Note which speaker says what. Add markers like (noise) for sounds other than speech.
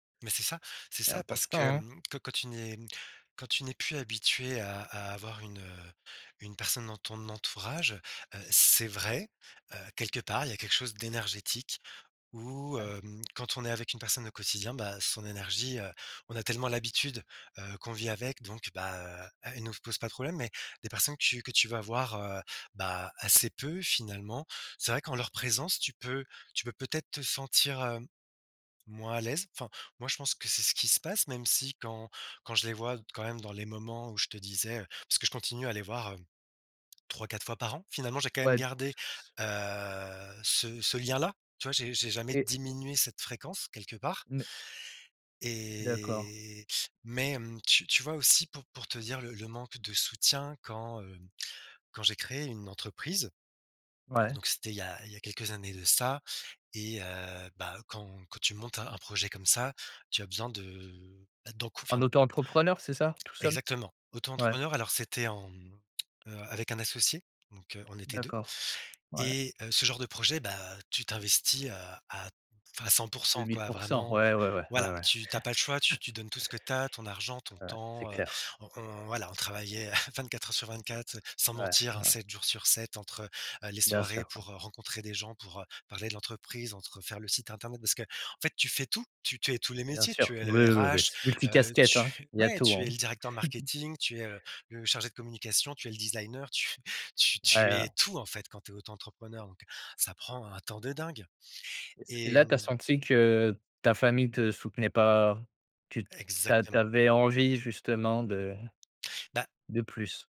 Speaker 1: Mais c'est ça! C'est
Speaker 2: C'est
Speaker 1: ça, parce
Speaker 2: important,
Speaker 1: que,
Speaker 2: hein.
Speaker 1: hem, quand quand tu n'es quand tu n'es plus habitué à à avoir une, heu, une personne dans ton entourage, heu, c'est vrai, heu, quelque part il y a quelque chose d'énergétique où,
Speaker 2: Ah.
Speaker 1: hem, quand on est avec une personne au quotidien, ben, son énergie, heu, on a tellement l'habitude, heu, qu'on vit avec, donc, bah heu, elle nous se pose pas de problème. Mais des personnes que tu que tu vas voir, heu, bah, assez peu finalement, c'est vrai qu'en leur présence, tu peux tu peux peut-être te sentir, heu, moins à l'aise. Enfin, moi je pense que c'est ce qu'il se passe, même si quand quand je les vois d quand même dans les moments où je te disais, heu parce que je continue à les voir, heu, 3-4 fois par an. Finalement j'ai quand même
Speaker 2: Ouais,
Speaker 1: gardé, heu, ce ce lien-là, tu vois, j'ai jamais
Speaker 2: Et
Speaker 1: diminué cette fréquence quelque part
Speaker 2: Mais D'accord.
Speaker 1: et mais, hem, tu tu vois aussi pour pour te dire le le manque de soutien quand, heu, quand j'ai créé une entreprise.
Speaker 2: Ouais?
Speaker 1: Donc c'était il a il y a quelques années de ça et heu, bah, quand quand tu montes un un projet comme ça, tu as besoin de ben, d'encou enfin
Speaker 2: En auto-entrepreneur, c'est ça? Tout seul?
Speaker 1: Exactement.
Speaker 2: Ouais.
Speaker 1: Auto-entrepreneur, alors c'était en heu, avec un associé, donc, heu, on était 2.
Speaker 2: D'accord, ouais.
Speaker 1: Et, heu, ce genre de projet, bah, tu t'investis à à enfin, cent pour
Speaker 2: deux
Speaker 1: cent
Speaker 2: mille
Speaker 1: quoi,
Speaker 2: pour cent,
Speaker 1: vraiment
Speaker 2: ouais, ouais, ouais. Ouais,
Speaker 1: voilà,
Speaker 2: ouais.
Speaker 1: tu tu as pas le choix, tu
Speaker 2: (chuckles)
Speaker 1: tu donnes tout ce que tu as, ton argent, ton
Speaker 2: Ouais, c'est
Speaker 1: temps, heu,
Speaker 2: clair.
Speaker 1: on on, voilà, on travaillait, (chuckles) 24h/24, heu, sans
Speaker 2: Ouais,
Speaker 1: mentir, hein,
Speaker 2: ouais.
Speaker 1: 7j/7 entre, heu, les
Speaker 2: Bien
Speaker 1: soirées
Speaker 2: sûr.
Speaker 1: pour, heu, rencontrer des gens, pour, heu, parler de l'entreprise, entre, heu, faire le site internet parce que en fait tu fais tout, tu tu es tous les
Speaker 2: Bien
Speaker 1: métiers,
Speaker 2: sûr,
Speaker 1: tu es
Speaker 2: oui,
Speaker 1: le
Speaker 2: oui, oui,
Speaker 1: RH,
Speaker 2: c'est
Speaker 1: heu,
Speaker 2: multi-casquettes,
Speaker 1: tu
Speaker 2: hein!
Speaker 1: f
Speaker 2: Il y a
Speaker 1: ouais!
Speaker 2: tout,
Speaker 1: Tu es
Speaker 2: hein.
Speaker 1: le directeur
Speaker 2: (chuckles)
Speaker 1: marketing, tu es, heu, le chargé de communication, tu es le designer, tu f tu
Speaker 2: Ouais,
Speaker 1: tu es
Speaker 2: heu.
Speaker 1: tout, en fait, quand tu es auto-entrepreneur, donc ça prend un temps de dingue.
Speaker 2: Est-ce
Speaker 1: Et
Speaker 2: là, tu as
Speaker 1: mmh
Speaker 2: senti que ta famille te soutenait pas? Tu t'a
Speaker 1: Exactement.
Speaker 2: t'avais envie justement de
Speaker 1: Bah
Speaker 2: de plus.